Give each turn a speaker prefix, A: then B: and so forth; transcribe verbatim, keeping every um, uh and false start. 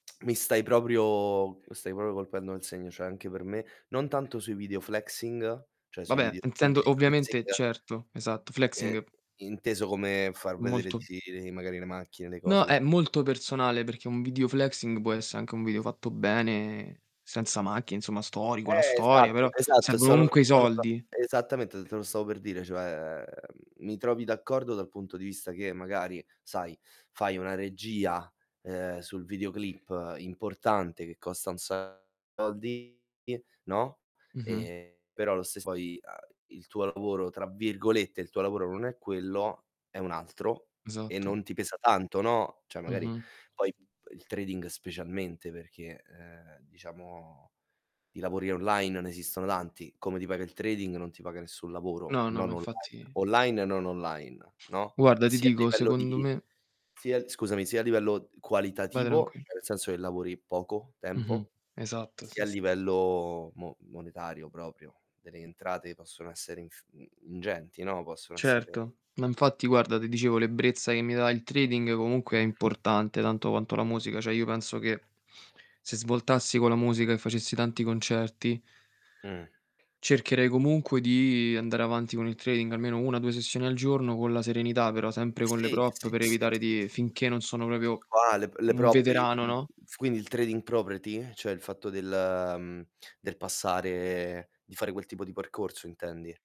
A: Mi stai proprio mi stai popio colpendo nel segno, ceh anche per me non tanto sui video flexing, ceh sui
B: Vabbè,
A: video che tu
B: intendo
A: dici
B: ovviamente
A: flexing
B: Certo, esatto,
A: ehm,
B: flexing
A: inteso come far vedere
B: Molto
A: tiri, magari le macchine, le cose,
B: No,
A: cos
B: è molto personale perché un video flexing può esse anche un video fatto bene senza macchine, insomma, storico, la
A: Eh,
B: storia,
A: esatto,
B: però
A: esatto,
B: servono
A: sono
B: comunque i
A: sono d'a
B: soldi.
A: esattamente, te lo stavo per dire, cioè mi trovi d'accordo dal punto di vista che magari, sai, fai una regia, uhm, sul videoclip importante che costa un sacco di soldi no,
B: Mh-mh.
A: e, però lo stess poi, uhm, "il tuo lavoro" tra virgolette, il tuo lavoro non è quello, è un altro, e
B: Esatto.
A: non ti pesa tanto, no, ceh magari
B: Mm-mh.
A: poi, mhmm, il trading specialmente perché, uhm, diciamo di lavori online non esistono tanti, come ti paga il trading non ti paga nessun lavoro,
B: No, no, ma
A: non online.
B: infatti
A: Online e non online, no,
B: Guarda, ti
A: sia a
B: dico,
A: livello
B: secondo
A: di
B: me
A: sia scusami, sia a livello
B: Vai
A: qualitativo,
B: tranquil
A: ceh nel senso che lavori poco
B: Mh-mh.
A: tempo,
B: Esatto,
A: sia
B: sì,
A: a
B: s
A: livello mo monetario proprio, delle entrate che possono essere inf mhmm, ingenti, no, possono essere
B: Certo, ma infatti guarda, te dicevo l'ebbrezza che mi dà il trading comunque è importante tanto quanto la musica. ceh io penso che se svoltassi con la musica e facessi tanti concerti
A: Mh.
B: cercherei comunque di andare avanti con il trading, almeno una due sessioni al giorno con la serenità però, sempre con le
A: Sì,
B: prop
A: sì,
B: per
A: sì,
B: evitare
A: sì,
B: di
A: sì.
B: finché non sono
A: E
B: proprio
A: qua le p le
B: un
A: prop il
B: veterano,
A: mhmm,
B: no?
A: quindi il trading property, cioè il fatto del mhmm, del passare di fare quel tipo di percorso intendi?